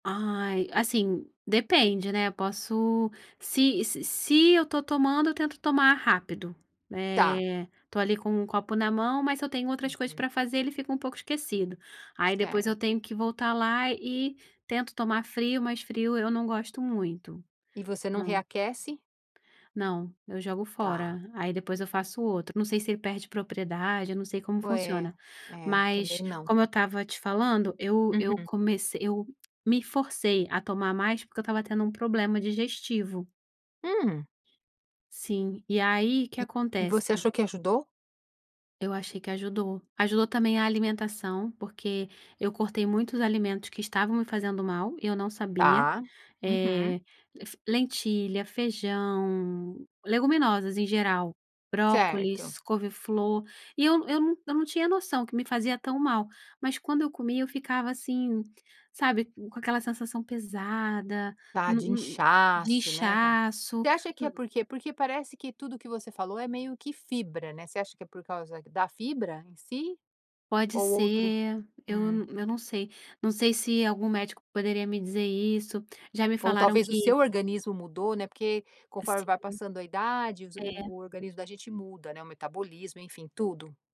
Ai, assim, depende, né, eu posso se se se eu estou tomando, eu tento tomar rápido. Tá. Eh, estou ali com um copo na mão, mas se eu tenho outras coisas Uhum. para fazer, ele fica um pouco esquecido. Aí depois Certo. eu tenho que voltar lá e tento tomar frio, mas frio eu não gosto muito. E você não Não. reaquece? Não, eu jogo Tá. fora. Aí depois eu faço outro, não sei se ele perde propriedade, eu não sei como Ué. funciona, É, mas também não. como eu estava te falando, eu eu Uhum. comecei eu me forcei a tomar mais porque eu estava tendo um problema digestivo. Hum. Sim. E aí, que E e acontece? você achou que ajudou? Eu achei que ajudou, ajudou também a alimentação, porque eu cortei muitos alimentos que estavam me fazendo mal e eu não sabia. Tá. Uhum. Eh, [unintelligible] lentilha, feijão, leguminosas em geral, Certo. brócolis, couveflor e eu eu não eu não tinha noção que me fazia tão mal, mas quando eu comia eu ficava assim, sabe, com aquela sensação pesada, Tá no de n de inchaço, né, tá Você inchaço, acha que hum. é por quê? Porque parece que tudo que você falou é meio que fibra, né, você acha que é por causa da fibra em si? Pode Ou outro ser. Eu eu, Hum. hum, eu não sei. Não sei se algum médico poderia me dizer isso, já me Ou falaram talvez o que seu organismo mudou, né, porque conforme Sim. vai passando a idade, os É. o organismo da gente muda, né, o metabolismo, enfim, tudo.